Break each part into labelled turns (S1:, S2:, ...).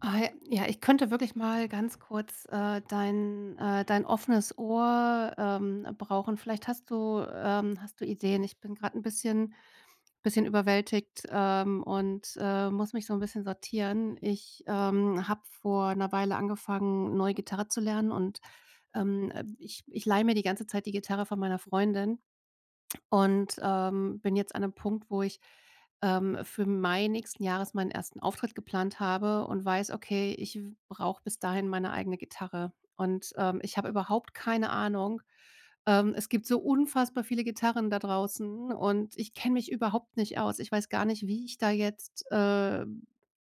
S1: Ah, j ja, ich könnte wirklich mal ganz kurz, äh, dein, äh dein offenes Ohr, ähm, brauchen. Vielleicht hast du, ähm hast du Ideen. Ich bin grad 'n bisschen bisschen überwältigt, ähm. Und, äh, muss mich so 'n bisschen sortieren. Ich, ähm, habe vor 'ner Weile angefangen neu Gitarre zu lernen. Und, ähm, äh, ich ich leihe mir die ganze Zeit die Gitarre von meiner Freundin. Und, ähm, bin jetzt an 'nem Punkt, wo ich, ähm, für Mai nächsten Jahres meinen ersten Auftritt geplant habe, und weiß: „Okay, ich w brauche bis dahin meine eigene Gitarre.“ Und, ähm, ich habe überhaupt keine Ahnung. Ähm, es gibt so unfassbar viele Gitarren da draußen. Und ich kenne mich überhaupt nicht aus. Ich weiß gar nicht, wie ich da jetzt, äh,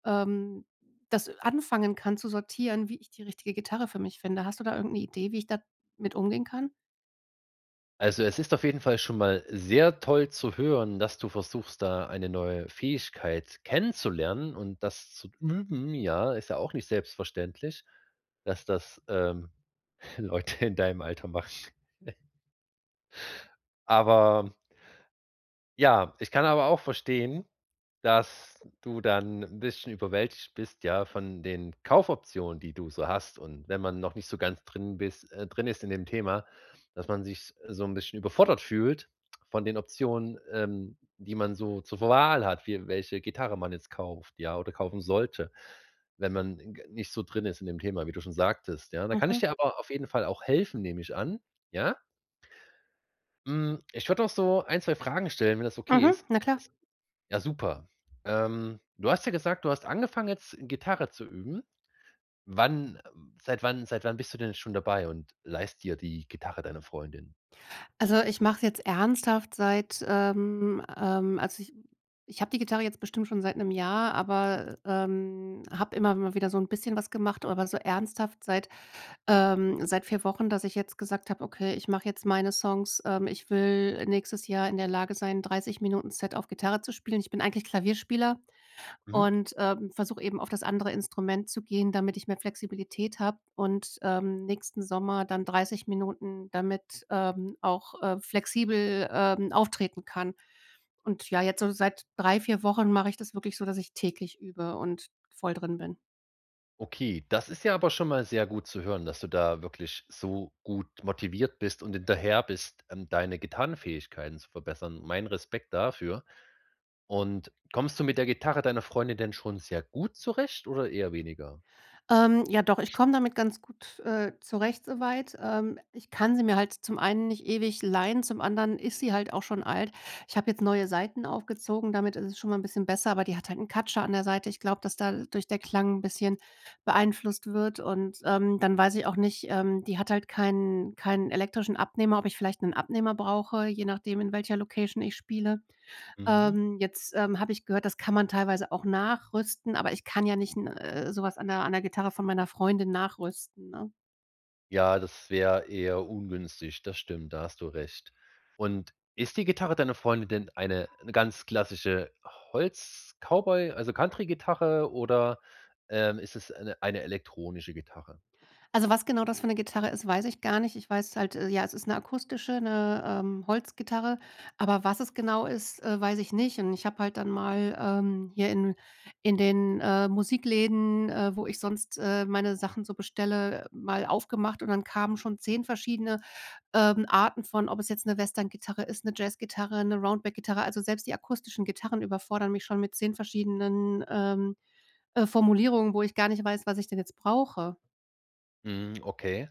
S1: ähm, das anfangen kann zu sortieren wie ich die richtige Gitarre für mich finde. Hast du da irgendeine Idee, wie ich damit umgehen kann?
S2: Also, es ist auf jeden Fall schon mal sehr toll zu hören, dass du versuchst, da eine neue Fähigkeit kennenzulernen und das zu üben, ja? Ist ja auch nicht selbstverständlich, dass das, ähm, Leute in deinem Alter machen. Aber ja, ich kann aber auch verstehen, dass, du dann 'n bisschen überwältigt bist, ja, von den Kaufoptionen die du so hast. Und wenn man noch nicht so ganz drin bist äh, drin ist in dem Thema, dass man sich so 'n bisschen überfordert fühlt von den Optionen, ähm, die man so zur Wahl hat. Wie welche Gitarre man jetzt kauft, ja, oder kaufen sollte. Wenn man g nicht so drin ist in dem Thema, wie du schon sagtest, ja? Da kann ich
S1: Mhm.
S2: dir aber auf jeden Fall auch helfen, nehme ich an, ja? Hm. Ich würde auch so 1, 2 Fragen stellen, wenn das okay
S1: Mhm,
S2: ist?
S1: na klar.
S2: Ja, super. Ähm, du hast ja gesagt, du hast angefangen, jetzt Gitarre zu üben. Wann seit wann seit wann bist du denn schon dabei, und leihst dir die Gitarre deiner Freundin?
S1: Also, ich mache es jetzt ernsthaft seit, ähm, ähm also ich ich habe die Gitarre jetzt bestimmt schon seit 'nem Jahr, aber, ähm, habe immer mal wieder so 'n bisschen was gemacht. Aber so ernsthaft seit, ähm seit 4 Wochen, dass ich jetzt gesagt habe: „Okay, ich mache jetzt meine Songs. Ähm, ich will nächstes Jahr in der Lage sein, 30 Minuten Set auf Gitarre zu spielen.“ Ich bin eigentlich Klavierspieler
S2: Mhm.
S1: und, ähm, versuche eben auf das andere Instrument zu gehen, damit ich mehr Flexibilität habe und, ähm, nächsten Sommer dann 30 Minuten, damit, ähm, auch, äh, flexibel, ähm, auftreten kann. Und ja, jetzt so seit 3, 4 Wochen mache ich das wirklich so, dass ich täglich übe und voll drin bin.
S2: Okay, das ist ja aber schon mal sehr gut zu hören, dass du da wirklich so gut motiviert bist und hinterher bist, ähm, deine Gitarrenfähigkeiten zu verbessern. Mein Respekt dafür. Und kommst du mit der Gitarre deiner Freundin denn schon sehr gut zurecht oder eher weniger?
S1: Ähm, ja, doch. Ich komme damit ganz gut, äh, zurecht, soweit. Ähm, ich kann sie mir halt zum einen nicht ewig leihen, zum anderen ist sie halt auch schon alt. Ich habe jetzt neue Seiten aufgezogen. Damit ist es schon mal 'n bisschen besser. Aber die hat halt 'n Katscher an der Seite. Ich glaube, dass dadurch der Klang 'n bisschen beeinflusst wird. Und, ähm, dann weiß ich auch nicht ähm, die hat halt keinen keinen elektrischen Abnehmer, ob ich vielleicht 'nen Abnehmer brauche, je nachdem, in welcher Location ich spiele.
S2: Mhm.
S1: Ähm, jetzt, ähm, habe ich gehört, das kann man teilweise auch nachrüsten, aber ich kann ja nicht 'n äh, sowas an 'ner an 'ner Gitarre von meiner Freundin nachrüsten, ne?
S2: Ja, das wäre eher ungünstig. Das stimmt. Da hast du recht. Und ist die Gitarre deiner Freundin denn eine 'ne ganz klassische Holz-Cowboy, also Country-Gitarre oder, ähm, ist es eine eine elektronische Gitarre?
S1: Also, was genau das für 'ne Gitarre ist, weiß ich gar nicht. Ich weiß halt äh, ja, es ist 'ne akustische, 'ne, ähm, Holzgitarre. Aber was es genau ist, äh, weiß ich nicht. Und ich habe halt dann mal, ähm, hier in in den, äh, Musikläden, äh, wo ich sonst, äh, meine Sachen so bestelle, äh, mal aufgemacht und dann kamen schon 10 verschiedene, ähm, Arten von ob es jetzt 'ne Western-Gitarre ist, 'ne Jazz-Gitarre, 'ne Roundback-Gitarre. Also selbst die akustischen Gitarren überfordern mich schon mit 10 verschiedenen, ähm, äh, Formulierungen, wo ich gar nicht weiß, was ich denn jetzt brauche.
S2: Mhm, okay.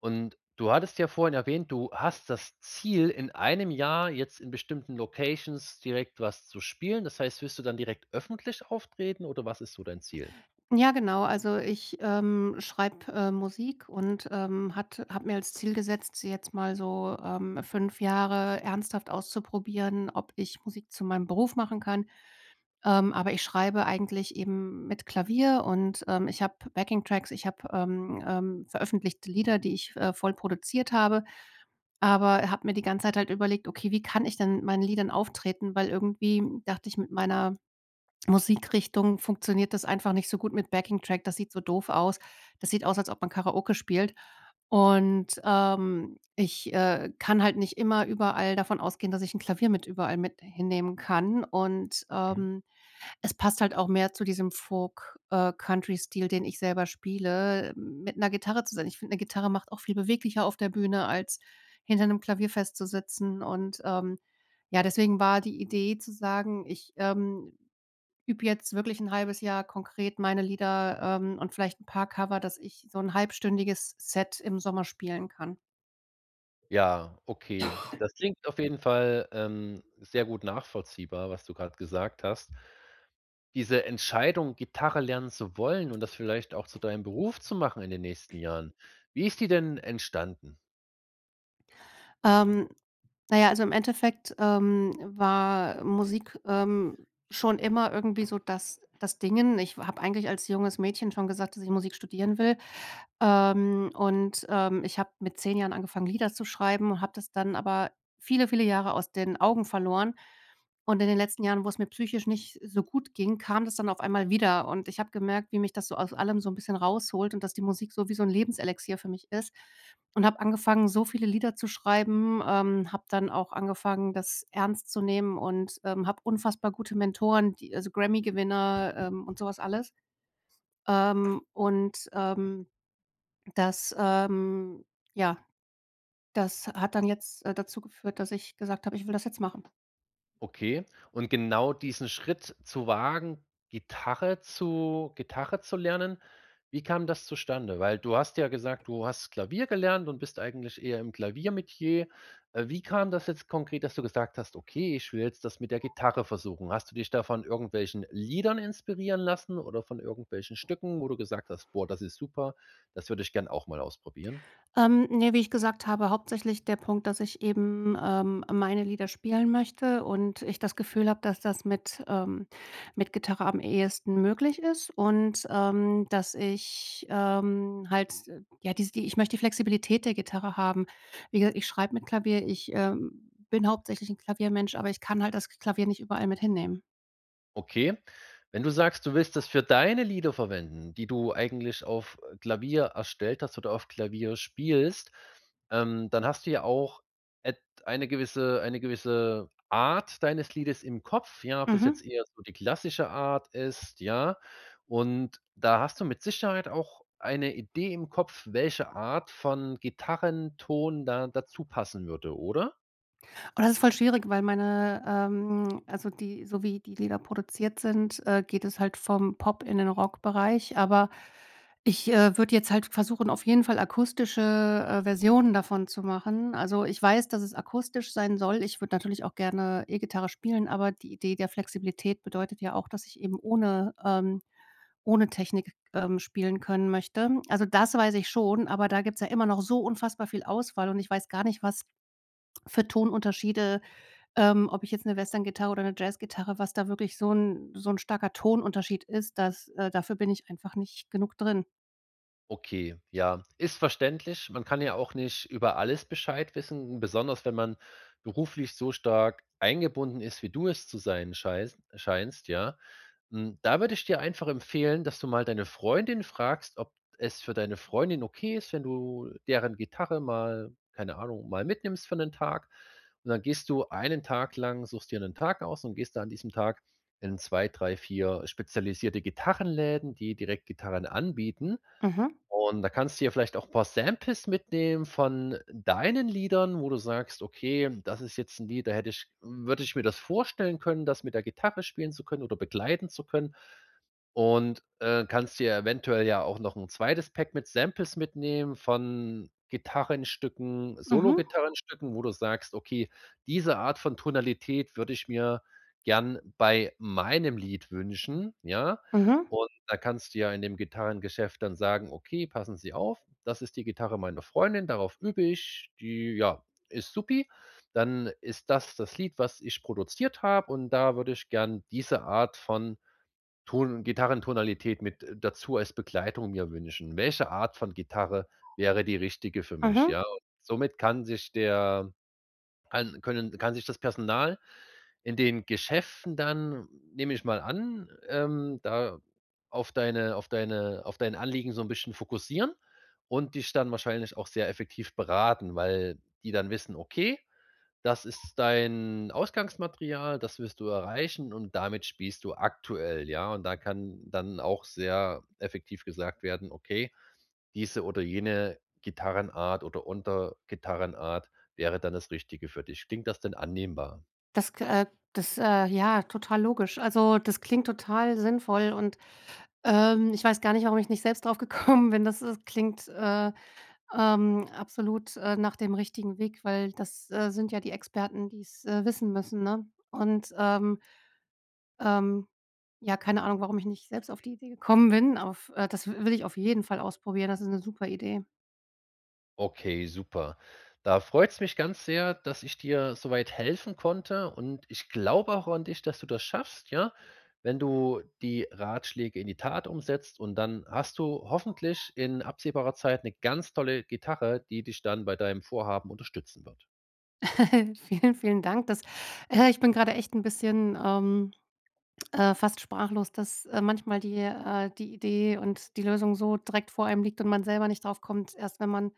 S2: Und du hattest ja vorhin erwähnt: Du hast das Ziel, in einem Jahr jetzt in bestimmten Locations direkt was zu spielen. Das heißt, wirst du dann direkt öffentlich auftreten, oder was ist so dein Ziel?
S1: Ja, genau. Also, ich, ähm, schreibe, äh, Musik und, ähm, hat habe mir als Ziel gesetzt, jetzt mal so, ähm, 5 Jahre ernsthaft auszuprobieren, ob ich Musik zu meinem Beruf machen kann. Ähm, aber ich schreibe eigentlich eben mit Klavier und, ähm, ich habe Backing-Tracks. Ich habe, ähm, ähm, veröffentlichte Lieder, die ich v äh, voll produziert habe. Aber habe mir die ganze Zeit halt überlegt: „Okay, wie kann ich denn meinen Liedern auftreten?“ Weil irgendwie dachte ich mit meiner Musikrichtung funktioniert das einfach nicht so gut mit Backing-Track, das sieht so doof aus. Das sieht aus, als ob man Karaoke spielt. Und, ähm, ich, äh, kann halt nicht immer überall davon ausgehen, dass ich 'n Klavier mit überall mit hinnehmen kann. Und,
S2: Mhm.
S1: ähm, es passt halt auch mehr zu diesem Folk äh, Country-Stil, den ich selber spiele, mit 'ner Gitarre zu sein. Ich finde, 'ne Gitarre macht auch viel beweglicher auf der Bühne als hinter 'nem Klavier festzusitzen und, ähm, ja deswegen war die Idee zu sagen: „Ich, ähm, übe jetzt wirklich 1/2 Jahr konkret meine Lieder, ähm, und vielleicht 'n paar Cover, dass ich so 'n halbstündiges Set im Sommer spielen kann.“
S2: Ja, okay. Das klingt auf jeden Fall, ähm, sehr gut nachvollziehbar, was du grad gesagt hast. Diese Entscheidung, Gitarre lernen zu wollen und das vielleicht auch zu deinem Beruf zu machen, in den nächsten Jahren, wie ist die denn entstanden?
S1: Ähm, na ja, also, im Endeffekt, ähm, war Musik, ähm, schon immer irgendwie so, das das Dingen. Ich f habe eigentlich als junges Mädchen schon gesagt, dass ich Musik studieren will. Ähm, und, ähm, ich habe mit 10 Jahren angefangen, Lieder zu schreiben und habe das dann aber viele, viele Jahre aus den Augen verloren. Und, in den letzten Jahren, wo es mir psychisch nicht so gut ging, kam das dann auf einmal wieder. Und, ich habe gemerkt, wie mich das so aus allem so 'n bisschen rausholt und dass die Musik so wie so 'n Lebenselixier für mich ist und habe angefangen, so viele Lieder zu schreiben, ähm, habe dann auch angefangen, das ernst zu nehmen und, ähm, habe unfassbar gute Mentoren, die also Grammy Gewinner, ähm, und sowas alles. Ähm, und, ähm, das, ähm ja, das hat dann jetzt, äh, dazu geführt, dass ich gesagt habe: „Ich will das jetzt machen“.
S2: Okay. Und, genau diesen Schritt zu wagen, Gitarre zu Gitarre zu lernen, wie kam das zustande? Weil du hast ja gesagt, du hast Klavier gelernt und bist eigentlich eher im Klaviermetier. Äh, wie kam das jetzt konkret, dass du gesagt hast: „Okay, ich will jetzt das mit der Gitarre versuchen“. Hast du dich da von irgendwelchen Liedern inspirieren lassen oder von irgendwelchen Stücken, wo du gesagt hast: „Boah, das ist super, das würde ich gerne auch mal ausprobieren“.
S1: Ähm, ne, wie ich gesagt habe, hauptsächlich der Punkt, dass ich eben, ähm, meine Lieder spielen möchte und ich das Gefühl habe, dass das mit, ähm mit Gitarre am ehesten möglich ist. Und, ähm, dass ich, ähm, halt, ja, dies die ich möchte die Flexibilität der Gitarre haben. Wie gesagt, ich schreibe mit Klavier, ich, ähm, bin hauptsächlich 'n Klaviermensch, aber ich kann halt das Klavier nicht überall mit hinnehmen.
S2: Okay, wenn du sagst, du willst das für deine Lieder verwenden, die du eigentlich auf, äh, Klavier, erstellt hast oder auf Klavier spielst. Ähm, dann hast du ja auch et eine gewisse eine gewisse Art deines Liedes im Kopf. Ja, ob das jetzt
S1: Mhm.
S2: eher so die klassische Art ist, ja? Und da hast du mit Sicherheit auch eine Idee im Kopf, welche Art von Gitarrenton da dazu passen würde, oder?
S1: Oh, das ist voll schwierig, weil meine, ähm also die so wie die Lieder produziert sind, äh, geht es halt vom Pop in den Rockbereich. Aber ich, äh, würde jetzt halt versuchen, auf jeden Fall akustische, äh, Versionen davon zu machen. Also, ich weiß, dass es akustisch sein soll. Ich würde natürlich auch gerne E-Gitarre spielen, aber die Idee der Flexibilität bedeutet ja auch, dass ich eben ohne, ähm ohne Technik, ähm, spielen können möchte. Also, das weiß ich schon. Aber da gibt's ja immer noch so unfassbar viel Auswahl. Und ich weiß gar nicht, was für Ton-Unterschiede, ähm ob ich jetzt 'ne Westerngitarre oder 'ne Jazzgitarre, was da wirklich so 'n so 'n starker Ton-Unterschied ist, dass, äh dafür bin ich einfach nicht genug drin.
S2: Okay. Ja, ist verständlich. Man kann ja auch nicht über alles Bescheid wissen. Besonders wenn man beruflich so stark eingebunden ist, wie du es zu sein scheis scheinst, ja. Mm, da würde ich dir einfach empfehlen, dass du mal deine Freundin fragst, ob es für deine Freundin okay ist, wenn du deren Gitarre mal keine Ahnung, mal mitnimmst für 'nen Tag. Und dann gehst du einen Tag lang- suchst dir 'nen Tag aus- und gehst da an diesem Tag in 2, 3, 4 spezialisierte Gitarrenläden, die direkt Gitarren anbieten.
S1: Mhm.
S2: Und da kannst du ja vielleicht auch 'n paar Samples mitnehmen von deinen Liedern, wo du sagst: „Okay, das ist jetzt 'n Lied, da hätte ich w würde ich mir das vorstellen können, das mit der Gitarre spielen zu können oder begleiten zu können.“ Und, äh, kannst dir ja eventuell ja auch noch 'n 2. Pack mit Samples mitnehmen von Gitarrenstücken,
S1: Mhm.
S2: Solo-Gitarrenstücken, wo du sagst: „Okay, diese Art von Tonalität würde ich mir gern bei meinem Lied wünschen.“ Ja?
S1: Mhm.
S2: Und da kannst du ja in dem Gitarrengeschäft dann sagen: „Okay, passen Sie auf. Das ist die Gitarre meiner Freundin. Darauf übe ich. Die, ja, ist supi. Dann ist das das Lied, was ich produziert habe. Und da würde ich gern diese Art von Ton und Gitarrentonalität mit, äh, dazu als Begleitung mir wünschen. Welche Art von Gitarre wäre die richtige für mich?“
S1: Mhm.
S2: Ja? Somit kann sich der kann können kann sich das Personal in den Geschäften dann, nehme ich mal an, ähm, da auf deine auf deine auf dein Anliegen so 'n bisschen fokussieren und dich dann wahrscheinlich auch sehr effektiv beraten, weil die dann wissen, okay, das ist dein Ausgangsmaterial. Das wirst du erreichen. Und damit spielst du aktuell, ja? Und da kann dann auch sehr effektiv gesagt werden: „Okay, diese oder jene Gitarrenart oder Untergitarrenart wäre dann das Richtige für dich.“ Klingt das denn annehmbar?
S1: Das, ge äh, das, äh ja, total logisch. Also das klingt total sinnvoll und, ähm, ich weiß gar nicht, warum ich nicht selbst drauf gekommen bin, das das klingt, äh, ähm, absolut, äh, nach dem richtigen Weg. Weil das, äh, sind ja die Experten, die es, äh, wissen müssen, ne? Und, ähm ähm, ja, keine Ahnung, warum ich nicht selbst auf die Idee gekommen bin. Auf, äh das w will ich auf jeden Fall ausprobieren. Das ist 'ne super Idee.
S2: Okay, super. Da freut's mich ganz sehr, dass ich dir so weit helfen konnte. Und ich glaube auch an dich, dass du das schaffst, ja? Wenn du die Ratschläge in die Tat umsetzt und dann hast du hoffentlich in absehbarer Zeit 'ne ganz tolle Gitarre, die dich dann bei deinem Vorhaben unterstützen wird.
S1: Vielen, vielen Dank. Das, äh ich bin gerade echt 'n bisschen, ähm, äh, fast sprachlos, dass, äh, manchmal die äh, die Idee und die Lösung so direkt vor einem liegt und man selber nicht drauf kommt. Erst wenn man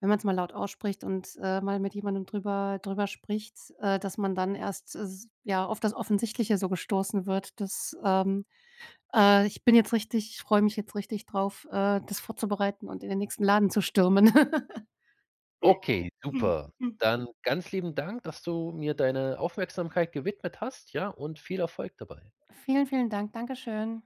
S1: wenn man's mal laut ausspricht und, äh, mal mit jemandem drüber drüber spricht, äh, dass man dann erst s ja, auf das Offensichtliche so gestoßen wird. Das, ähm, äh ich bin jetzt richtig ich freue mich jetzt richtig drauf, äh, das vorzubereiten und in den nächsten Laden zu stürmen.
S2: Okay, super. Dann ganz lieben Dank, dass du mir deine Aufmerksamkeit gewidmet hast, ja? Und viel Erfolg dabei.
S1: Vielen, vielen Dank. Dankeschön.